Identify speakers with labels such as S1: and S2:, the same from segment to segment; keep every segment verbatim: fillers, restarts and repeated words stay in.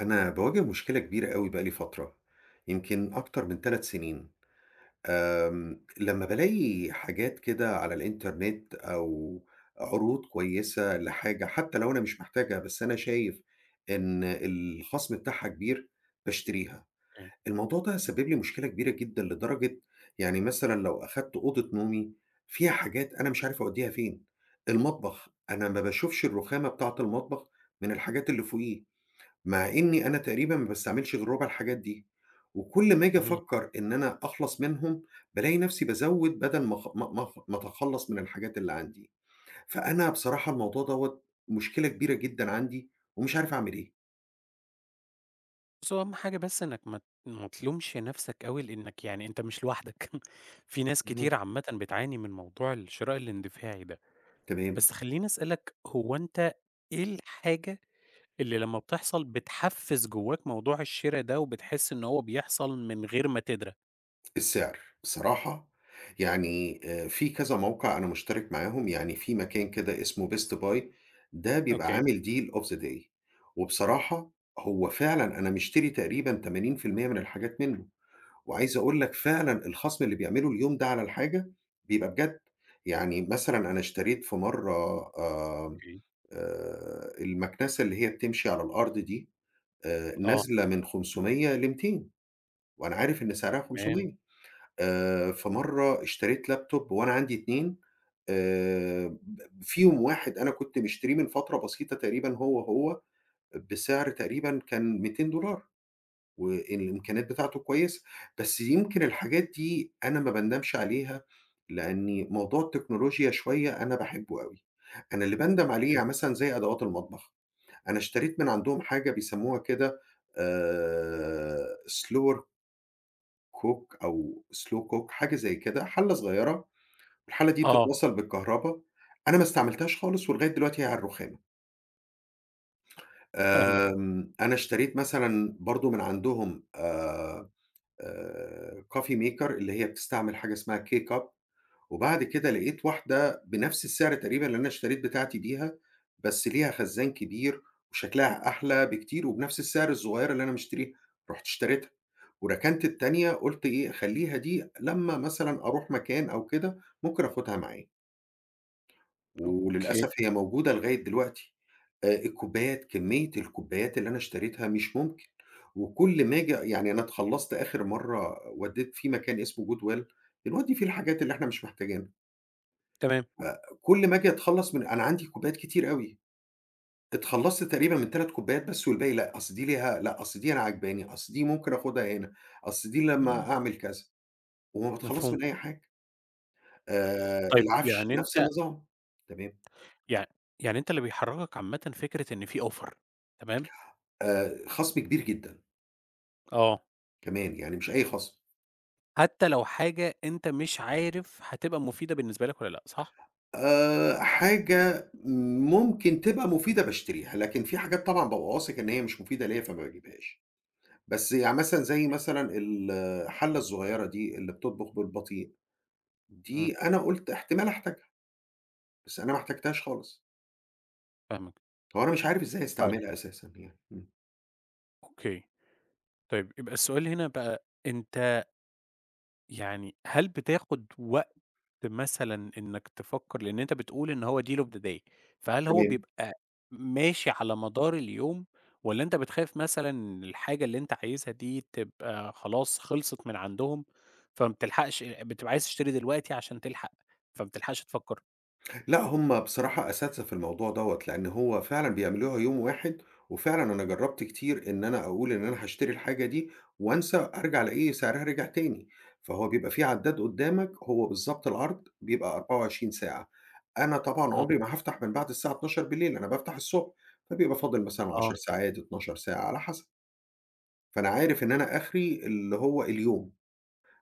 S1: أنا باواجه مشكلة كبيرة أوي بقى لي فترة، يمكن أكتر من تَلَت سنين. امم، لمّا بالاقي حاجات كده على الإنترنت أو عروض كويسة لحاجة حتى لو أنا مش محتاجها بس أنا شايف إن الخصم بتاعها كبير، باشتريها.
S2: [unintelligible]
S1: الموضوع ده سبب لي مشكلة كبيرة جدًا لدرجة يعني مثلًا لو أخدت أوضة نومي فيها حاجات أنا مش عارف أوديها فين، المطبخ أنا ما باشوفش الرخامة بتاعت المطبخ من الحاجات اللي فوقيه مع إني أنا تقريبًا ما باستعملش غير ربع الحاجات دي وكُل ما آجي
S2: اهم.
S1: أفكر إن أنا أخلص منهم، بالاقي نفسي بازود بدل ما أخ ما ما أخ ما أتخلص من الحاجات اللي عندي فأنا بصراحة الموضوع دوّة مشكلة كبيرة جدًا عندي ومش عارف أعمل إيه.
S2: بُصّ، هو أهم حاجة بس إنك ما ت ما تلومش نفسك أوي لأنك يعني أنت مش لوحدك في ناس كتير
S1: اهم.
S2: عامةً بتعاني من موضوع الشراء الاندفاعي ده.
S1: تمام.
S2: بس خلّيني أسألك هو أنت إيه الحاجة اللي لمّا بتحصل بتحفز جواك موضوع الشرا ده وبتحس إن هو بيحصل من غير ما تدرى؟
S1: السعر، بصراحة يعني في كذا موقع أنا مشترك معاهم، يعني في مكان كده اسمه Best Buy، ده بيبقى
S2: أوكي.
S1: عامل deal of the day، وبصراحة هو فعلًا أنا مِشتري تقريبًا تمانين في المِيّة من الحاجات منه، وعايز أقول لك فعلًا الخصم اللي بيعملُه اليوم ده على الحاجة بيبقى بجد. يعني مثلًا أنا اشتريت في مرّة، آآ،
S2: أوكي.
S1: آآ، المكنسة اللي هي بتمشي على الأرض دي آآ،
S2: آه.
S1: نازلة من خمسمية لميتين، وأنا عارف إن سعرها
S2: تمام.
S1: خمسمية. آآ، في مرّه اشتريت laptop وأنا عندي اتنين آآ، ب فيهم واحد أنا كنت مشتريه من فترة بسيطة تقريبًا هو، هو بسعر تقريبًا كان ميتين دولار، والإمكانيات بتاعتُه كويسة. بس يمكِن الحاجات دي أنا ما باندمش عليها، لأني موضوع التكنولوجيا شوية أنا باحبُه أوي، أنا اللي باندم عليه
S2: حلو.
S1: يعني مثلًا زي أدوات المطبخ، أنا اشتريت من عندهم حاجة بيسَمّوها كده آآ، slower cook أو slow cook حاجة زي كده، حلّة صغيرة، والحلّة دي
S2: آه.
S1: بتتوصّل بالكهربا أنا ما استعملتهاش خالص، ولغاية دلوقتي هي على الرُخامة.
S2: فاهمك.
S1: آمم، أنا اشتريت مثلًا برضه من عندهم آآ، آآ coffee maker اللي هي بتستعمل حاجة اسمها K-Cup وبعد كده لقيت واحدة بنفس السعر تقريبًا اللي أنا اشتريت بتاعتي بيها، بس ليها خزان كبير وشكلها أحلى بكتير وبنفس السعر الصغيرة اللي أنا مشتريها، رُحت اشتريتها، وركنت التانية، قُلت إيه خلّيها دي لمّا مثلًا أروح مكان أو كده ممكن آخُدها معايا.
S2: okay.
S1: وللأسف هي موجودة لغاية دلوقتي. آآ الكوبايات، كمية الكوبايات اللي أنا اشتريتها مش ممكن، وكُل ما آجي يعني أنا اتخلصت آخر مرّة وَدَيت في مكان اسمه goodwill بنودي فيه الحاجات اللي إحنا مش محتاجينها.
S2: تمام.
S1: آآ كُل ما آجي أتخلص من أنا عندي كوبايات كتير أوي. اتخلصت تقريبًا من تَلَت كوبايات بس والباقي لأ، أصل دي ليها لأ أصل دي أنا عاجباني، أصل دي ممكن آخُدها هنا، أصل دي
S2: إمم.
S1: لمّا أعمل كذا، وما باتخلص
S2: مفهوم.
S1: من أي حاجة. آآ
S2: طيب
S1: العفش
S2: يعني
S1: نفس
S2: أنت
S1: النظام. تمام.
S2: يع يعني أنت اللي بيحركك عامةً فكرة إن في offer تمام؟
S1: آآ خصم كبير جدًا.
S2: آه.
S1: كمان، يعني مش أي خَصْم.
S2: حتى لو حاجة أنت مش عارف هتبقى مفيدة بالنسبة لك والّا لأ، صح؟
S1: آآ، حاجة ممكن تبقى مفيدة، باشتريها. لكن في حاجات طبعًا بابقى واثق إن هي مش مفيدة ليَّا، فما باجيبهاش. بس يعني مثلًا زي مثلًا الحلَّة الصغيرة دي اللي بتطبُخ بالبطيء، دي
S2: إمم.
S1: أنا قُلت احتمال أحتاجها. بس أنا ما احتجِّتهاش خالص.
S2: فاهمك.
S1: هو أنا مش عارف إزاي
S2: طيب.
S1: استعملها أساسًا يعني، إمم.
S2: أوكي، طيب يبقى السؤال هنا بقى، أنتَ يعني هل بتاخُد وقت مثلًا إنَّك تفكر؟ لإن أنتَ بتقول إن هو deal of the day، فهل هو
S1: تمام.
S2: بيبقى ماشي على مدار اليوم، والّا أنتَ بتخاف مثلًا إن الحاجة اللي أنتَ عايزها دي تبقى خلاص خلِصِت من عندهم، فما بتلحَقِش بتبقى عايِز تشتري دلوقتي عشان تلحق، فما بتلحقش تفكر؟
S1: لأ، هُم بصراحة أساتذة في الموضوع دوّة، لإن هو فعلًا بيعملوها يوم واحد، وفعلًا أنا جرَّبت كتير إن أنا أقول إن أنا هاشتري الحاجة دي، وأنسى، أرجَع ألاقي سعرها رجع تاني. فهو بيبقى في عدَّاد قُدَّامك، هو بالضبط العرض بيبقى أربعة وعشرين ساعة، أنا طبعًا
S2: إمم.
S1: عُمري ما هافتح من بعد الساعة اتناشر بالليل، أنا بافتح الصبح، فبيبقى فاضل مثلًا عشر
S2: آه.
S1: ساعات، اتناشر ساعة، على حسب. فأنا عارِف إن أنا آخِري اللي هو، اليوم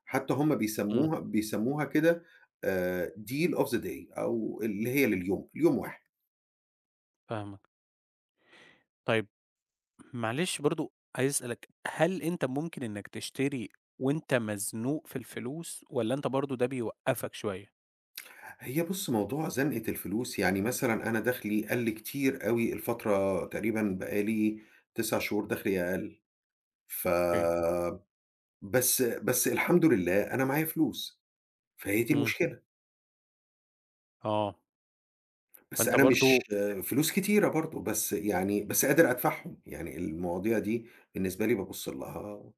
S1: حتى هُم
S2: إمم.
S1: بيسمُّوها بيسمُّوها كده، آآ، deal of the day أو اللي هي لليوم، ليوم واحد.
S2: فاهمك. طيب، معلش برضه عايز أسألك، هل أنت ممكن إنك تشتري وأنت مزنوق في الفلوس والّا أنت برضه ده بيوقَفَك شوية؟
S1: هي بُصّ، موضوع زنقة الفلوس يعني، مثلًا أنا دَخلي قلَّ كتير أوي الفترة تقريبًا بقالي تسع شهور دَخلي أقل.
S2: أوكي.
S1: فبس بس، الحمد لله، أنا معايا فلوس، فهي دي
S2: إمم.
S1: المشكلة.
S2: آه.
S1: بس
S2: فأنت
S1: أنا مش
S2: برضه [unintelligible]
S1: فلوس كتيرة برضو، بس يعني بس قادر أدفَعهم، يعني المواضيع دي بالنسبة لي بابُصّ لها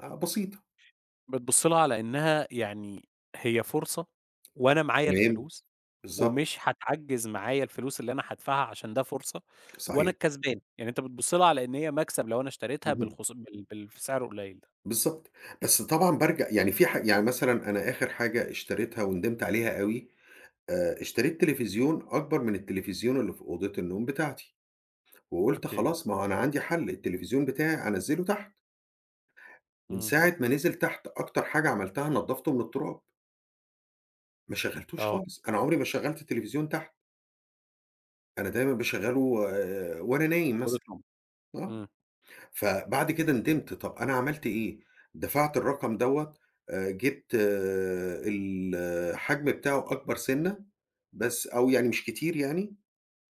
S1: آآ، بسيطة.
S2: بتبُصّ لها على إنها يعني هي فرصة، وأنا معايا
S1: تمام،
S2: الفلوس،
S1: بالضبط.
S2: ومش هاتعجَّز معايا الفلوس اللي أنا هادفَعها، عشان ده فُرصة وأنا
S1: صحيح.
S2: الكسبان. يعني أنتَ بتبُصّ لها على إن هي مكسب لو أنا اشتريتها
S1: اهم.
S2: بالخ بال بال في سعر القليل ده.
S1: بالضبط، بس طبعًا بارجع يعني في حاج يعني مثلًا، أنا آخِر حاجة اشتريتها وندمت عليها أوي، آآ، اشتريت تليفزيون أكبر من التليفزيون اللي في أوضة النوم بتاعتي، وقُلت:
S2: أوكي.
S1: "خلاص، ما هو أنا عندي حل، التليفزيون بتاعي أنزّله تحت." من
S2: إمم.
S1: ساعة ما نزل تحت أكتر حاجة عملتها نَضَفتُه من التراب. ما شَغلّتوش
S2: آه.
S1: خالص، أنا عمري ما شغّلت التلفزيون تحت. أنا دايمًا باشغّله آآ وأنا نايم
S2: في أوضة
S1: مثلًا،
S2: النوم.
S1: آه،
S2: إمم.
S1: فبَعد كده ندِمت، طَب أنا عملت إيه، دفَعت الرقم دوّة آآ، جِبت الحجم بتاعه أكبر سِنّة بس أو يعني مش كتير يعني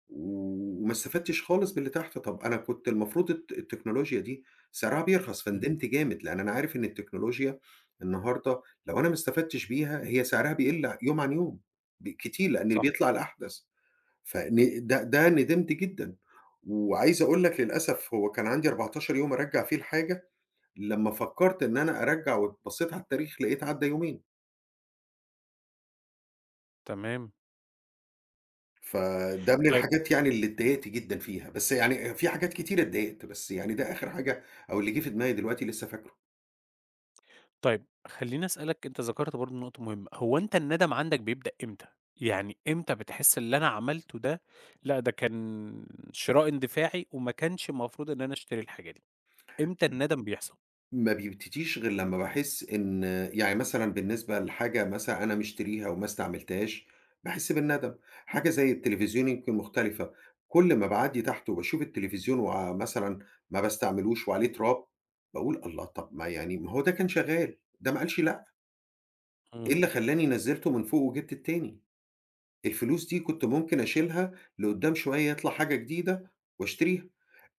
S1: وما استفدتش خالص باللي تحت، طَب أنا كنت المفروض الت التكنولوجيا دي سِعرها بيرخَص،
S2: إمم.
S1: فندمت جامد لأن أنا عارف إن التكنولوجيا النهارده لو أنا ما استفدتش بيها هي سعرها بيقِل يوم عن يوم ب كتير لأن
S2: صح.
S1: بيطلَع الأحدث. فن ده، ده ندمت جدًا. وعايز أقول لك للأسف هو كان عندي أربعتاشر يوم أرجّع فيه الحاجة، لما فكّرت إن أنا أرجّع وبصّيت على التاريخ لقيت عدّى يومين.
S2: تمام.
S1: فده من
S2: طيب
S1: الحاجات يعني اللي اتضايقت جدًا فيها، بس يعني في حاجات كتيرة اتضايقت، بس يعني ده آخِر حاجة أو اللي جِه فى دماغي دلوقتي لسه فاكره.
S2: طيب خلّيني أسألك، أنت ذكَرت برضه نقطة مهمة. هو أنت الندم عَندك بيبدأ إمتى، يعني إمتى بتحس اللي أنا عملته ده، لأ ده كان شراء إندفاعي وما كانش المفروض إن أنا أشتري الحاجة دي، إمتى
S1: م
S2: الندم بيحصَل؟
S1: ما بيبتديش غِير لمّا باحس إن يعني مثلًا بالنسبة لحاجة مثلًا أنا مشتريها وما استعملتهاش باحس بالندم. حاجة زي التليفزيون يمكن مختلِفة، كلّ ما باعدّي تحت وباشوف التليفزيون ومثلًا ما باستعملوش وعليه تراب باقول: "الله، طب ما يعني ما هو ده كان شغال، ده ما قالش لأ." إيه
S2: تمام.
S1: اللي خلّاني نزِّلته من فوق وجِبت التاني؟ الفلوس دي كنت ممكن أشيلها، لقدّام شوية يطلَع حاجة جديدة وأشتريها.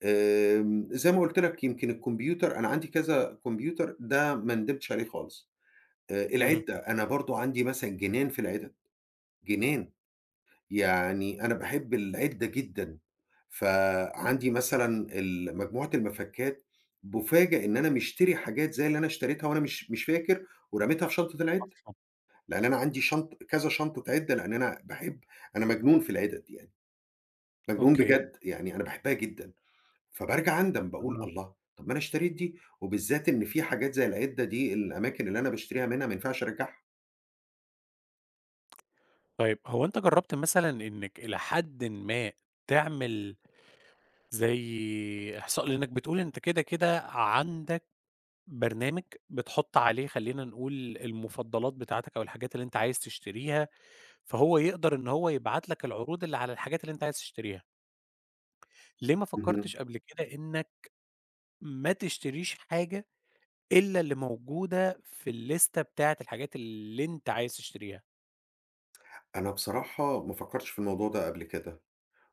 S1: آمم، زي ما قُلت لك يمكن الكمبيوتر أنا عندي كذا كمبيوتر، ده ما ندمتش عليه خالص. آآ،
S2: إمم.
S1: العِدّة أنا برضه عندي مثلًا جنان في العِدَد، جنان. يعني أنا باحب العِدّة جدًا، فعَندي مثلًا ال مجموعة المَفَكّات، بأُفاجأ إن أنا مشتري حاجات زي اللي أنا اشتريتها وأنا مش مش فاكر ورميتها في شنطة العِدّة.
S2: أصلًا.
S1: لأن أنا عندي شنط كذا شنطة عِدّة، لأن أنا باحب أنا مجنون في العِدَد دي يعني، مجنون
S2: أوكي.
S1: بجد، يعني أنا باحبها جدًا فبارجع أندم باقول
S2: أها.
S1: الله! طَب أنا اشتريت دي وبالذات إن في حاجات زي العِدّة دي الأماكن اللي أنا باشتريها منها ما ينفعش أرجّعها.
S2: طيّب هو أنت جرّبت مثلًا إنّك إلى حدٍ ما تعمل زي إحصاء؟ لأنك بتقول أنت كده كده عَندك برنامج، بتحط عليه خلّينا نقول المفضلات بتاعتك أو الحاجات اللي أنت عايز تشتريها، فهو يقدر إن هو يبعت لك العروض اللي على الحاجات اللي أنت عايز تشتريها. ليه ما
S1: اهم.
S2: فكّرتش قبل كده إنّك ما تشتريش حاجة إلّا اللي موجودة في الليستة بتاعة الحاجات اللي إنت عايز تشتريها؟
S1: أنا بصراحة ما فكرتش في الموضوع ده قبل كده،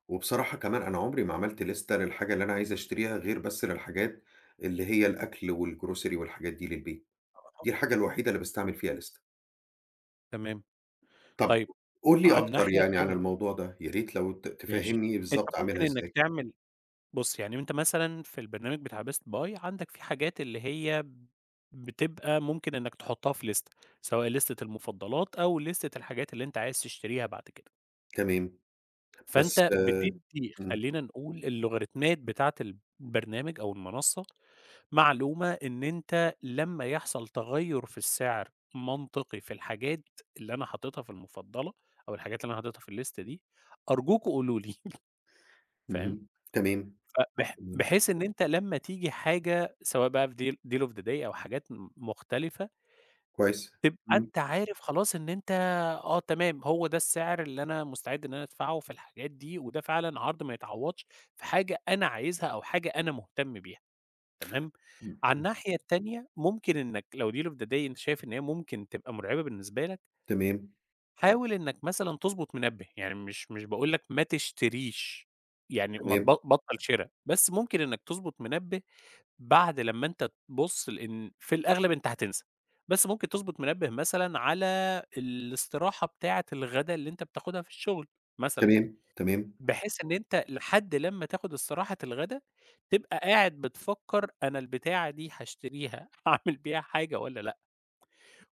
S1: وبصراحة كمان أنا عُمري ما عملت لِستَة للحاجة اللي أنا عايز اشتريها غير بس للحاجات اللي هي الأكْل والgrocery والحاجات دي للبيت،
S2: [unintelligible]
S1: دي الحاجة الوحيدة اللي باستعمل فيها لِستَة.
S2: تمام،
S1: طب
S2: طيب
S1: قُل لي
S2: على
S1: أكتر
S2: الناحية
S1: يعني عن
S2: التانية
S1: الموضوع ده، يا ريت لو ت
S2: ماشي،
S1: تفهّمني
S2: أنت
S1: بالضبط اعملها
S2: ممكن إنّك
S1: إزاي؟
S2: تعمل بُصّ يعني وأنت مثلًا في البرنامج بتاع best buy عندك في حاجات اللي هي ب بتبقى ممكن إنّك تحطّها في لِستَة سواء لِستَة المفضلات أو لِستَة الحاجات اللي أنت عايز تشتريها بعد كده.
S1: تمام، بس
S2: فأنت بتدّي
S1: إمم.
S2: خلّينا نقول اللوغاريتمات بتاعة البرنامج أو المنصّة معلومة إن أنت لمّا يحصل تغيّر في السعر منطقي في الحاجات اللي أنا حاططها في المفضلة أو الحاجات اللي أنا حاططها في اللِستَة دي، أرجوكم قولوا لي، فاهم،
S1: اهم، تمام،
S2: فبح
S1: امم.
S2: بحيث إن أنت لمّا تيجي حاجة سواء بقى في deal deal of the day أو حاجات م مختلفة
S1: كويس،
S2: تبقى
S1: إمم.
S2: أنت عارف خلاص إن أنت آه تمام، هو ده السعر اللي أنا مُستعد إن أنا ادفعه في الحاجات دي، وده فعلًا عرض ما يعوّضش في حاجة أنا عايزها أو حاجة أنا مهتم بيها، تمام،
S1: م
S2: عن
S1: م
S2: الناحية التانية ممكن إنّك لو deal of the day أنت شايف إن هي ممكن تبقى مُرعبة بالنسبة لك
S1: تمام.
S2: حاول إنّك مثلًا تضبط منبّه، يعني مش مش باقول لك ما تشتريش، يعني ما تب
S1: تمام.
S2: بطّل شرا، بس ممكن إنّك تضبط منبّه بعد لمّا أنت تبص لإن في الأغلب أنت هتسنى، بس ممكن تضبط منبّه مثلًا على الاستراحة بتاعة الغدا اللي أنت بتاخدها في الشغل، مثلًا،
S1: تمام، تمام.
S2: بحيث إن أنت لحد لمّا تاخد استراحة الغدا، تبقى قاعد بتفكّر أنا البتاعة دي هاشتريها هاعمل بيها حاجة والّا لأ؟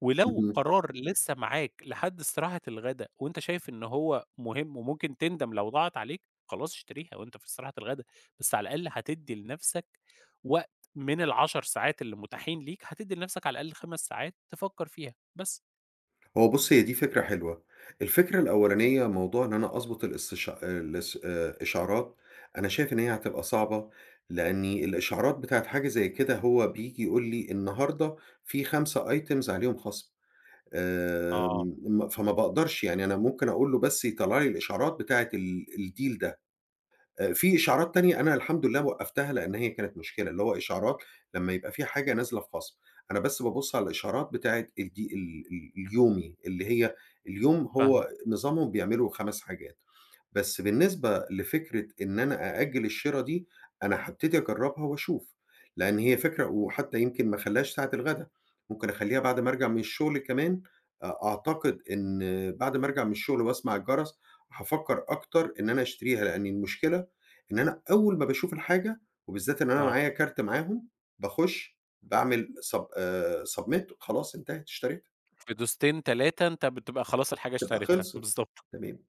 S2: ولو
S1: اهم.
S2: قرار لِسّه معاك لحد استراحة الغدا وأنت شايف إن هو مهم وممكن تندم لو ضاعت عليك، خلاص اشتريها وأنت في استراحة الغدا، بس على الأقل هتدّي لنَفسك وقت من العشر ساعات اللي متاحين ليك، هتدّي لنَفسك على الأقل خمس ساعات تفكّر فيها، بس.
S1: هو بُصّ، هي دي فكرة حلوة. الفكرة الأولانية موضوع إن أنا أظبُط الاستش آآ، الاس آآ، الإشعارات أنا شايف إن هي هتبقى صعبة، لأني
S2: [unintelligible]
S1: الإشعارات بتاعة حاجة زي كده هو بييجي يقول لي النهاردة في خمسة items عليهم خَصم
S2: آه.
S1: آمم، م فما باقدَرش، يعني أنا ممكن أقول له بس يطلّع لي الإشعارات بتاعة ال الdeal ده. أ في إشعارات تانية أنا الحمد لله وقّفتها لأن هي كانت مشكلة، اللي هو إشعارات لمّا يبقى في حاجة نازلة في خَصم، أنا بس بابُص على الإشعارات بتاعة الدي ال ال اليومي اللي هي اليوم
S2: فاهماك.
S1: هو نظامهم بيعملوا خَمَس حاجات. بس بالنسبة لفكرة إن أنا أأجل الشِرا دي أنا هابتدي أجرّبها وأشوف، لأن هي فكرة وحتّى يمكن ما أخلّيهاش ساعة الغدا، ممكن أخلّيها بعد ما أرجَع من الشغل كمان أ أعتقد إن بعد ما أرجَع من الشغل وأسمَع الجَرَس، هافكر أكتر إن أنا أشتريها لأن المشكلة إن أنا أول ما باشوف الحاجة وبالذات إن أنا
S2: آه.
S1: معايا كارت معاهم باخُش باعمل sub آآ، submit وخلاص انتهت اشتريتها.
S2: في دوستين تلاتة أنت بتبقى خلاص الحاجة
S1: تبقى
S2: اشتريتها.
S1: خلَصِت
S2: بالضبط.
S1: تمام.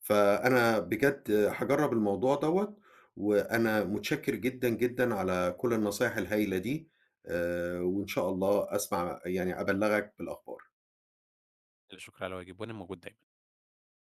S1: فأنا بجد هاجرّب الموضوع دوَّة وأنا متشكر جدًا، جدًا على كل النصايح الهايلة دي آآ، وإن شاء الله أسمع يعني أبلّغك بالأخبار.
S2: لا شكر على واجب، وأنا موجود دايمًا.